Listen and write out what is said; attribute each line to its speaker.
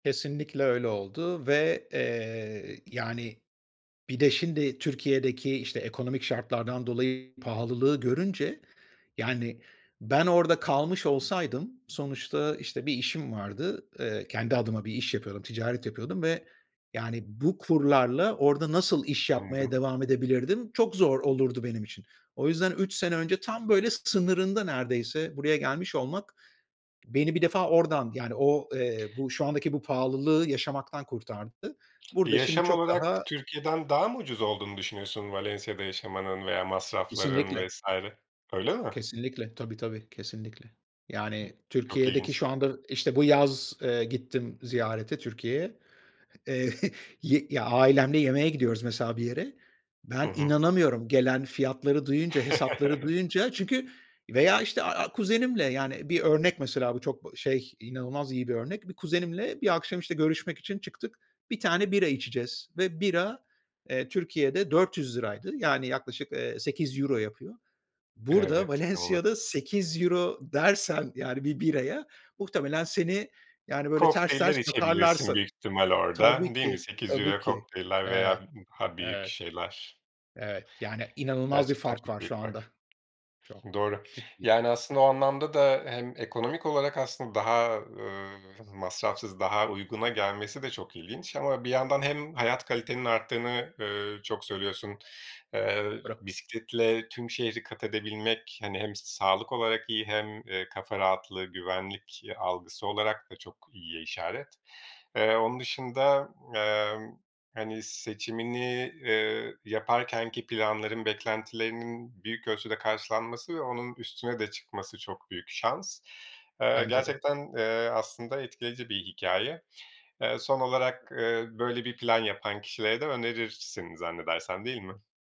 Speaker 1: Kesinlikle öyle oldu ve, eee, yani bir de şimdi Türkiye'deki, işte, ekonomik şartlardan dolayı pahalılığı görünce Yani ben orada kalmış olsaydım sonuçta, işte, bir işim vardı. Eee, kendi adıma bir iş yapıyordum, ticaret yapıyordum ve yani bu kurlarla orada nasıl iş yapmaya
Speaker 2: Anladım.
Speaker 1: devam edebilirdim çok zor olurdu benim için. O yüzden 3 sene önce tam böyle sınırında neredeyse buraya gelmiş olmak, beni bir defa oradan, yani o, eee, bu şu andaki bu pahalılığı yaşamaktan kurtardı.
Speaker 2: E,
Speaker 1: Burada şimdi
Speaker 2: yaşam
Speaker 1: çok
Speaker 2: olarak
Speaker 1: daha
Speaker 2: Türkiye'den daha mı ucuz olduğunu düşünüyorsun Valensiya'da yaşamanın veya masrafların
Speaker 1: Kesinlikle.
Speaker 2: vs. Öyle mi?
Speaker 1: Kesinlikle. Tabii, tabii. Kesinlikle. Yani
Speaker 2: Çok
Speaker 1: Türkiye'deki
Speaker 2: ilginç.
Speaker 1: şu anda, işte, bu yaz, eee, gittim ziyarete Türkiye'ye, eee, y ya ailemde yemeğe gidiyoruz mesela bir yere. Ben
Speaker 2: Hı hı.
Speaker 1: inanamıyorum gelen fiyatları duyunca, hesapları duyunca. Çünkü veya, işte, a a kuzenimle, yani, bir örnek mesela bu çok şey, inanılmaz iyi bir örnek. Bir kuzenimle bir akşam, işte, görüşmek için çıktık. 1 tane bira içeceğiz ve bira, eee, Türkiye'de ₺400'ydı, yani yaklaşık, eee, €8 yapıyor. Burada
Speaker 2: Evet, inanılmaz.
Speaker 1: Valensiya'da €8 dersen yani 1 biraya, muhtelemen seni, yani, böyle ters
Speaker 2: Kokteyller
Speaker 1: ters bakarlar
Speaker 2: içebilirsin
Speaker 1: sana.
Speaker 2: büyük ihtimal orada,
Speaker 1: Tabii
Speaker 2: değil mi
Speaker 1: ki.
Speaker 2: sekiz
Speaker 1: Tabii
Speaker 2: euro
Speaker 1: ki.
Speaker 2: kokteyller
Speaker 1: Evet.
Speaker 2: veya d daha büyük
Speaker 1: Evet,
Speaker 2: şeyler.
Speaker 1: evet, yani inanılmaz bir
Speaker 2: Gerçekten
Speaker 1: fark
Speaker 2: çok
Speaker 1: var şu
Speaker 2: büyük fark.
Speaker 1: anda. Çok,
Speaker 2: Doğru,
Speaker 1: ciddi.
Speaker 2: yani aslında o anlamda da hem ekonomik olarak aslında daha, eee, m masrafsız daha uyguna gelmesi de çok ilginç ama bir yandan hem hayat kalitenin arttığını, eee, çok söylüyorsun. Eee,
Speaker 1: [unintelligible]
Speaker 2: bisikletle tüm şehri kat edebilmek, hani hem sağlık olarak iyi hem, eee, kafa rahatlığı, güvenlik, iii, algısı olarak da çok iyiye işaret. Eee, onun dışında, emm, hani, seçimini, eee, yaparkenki planların beklentilerinin büyük ölçüde karşılanması ve onun üstüne de çıkması çok büyük şans. Eee,
Speaker 1: Bence de.
Speaker 2: gerçekten, eee, aslında etkileyici bir hikâye. Eee, son olarak, eee, böyle bir plan yapan kişilere de önerirsin zannedersem, değil mi?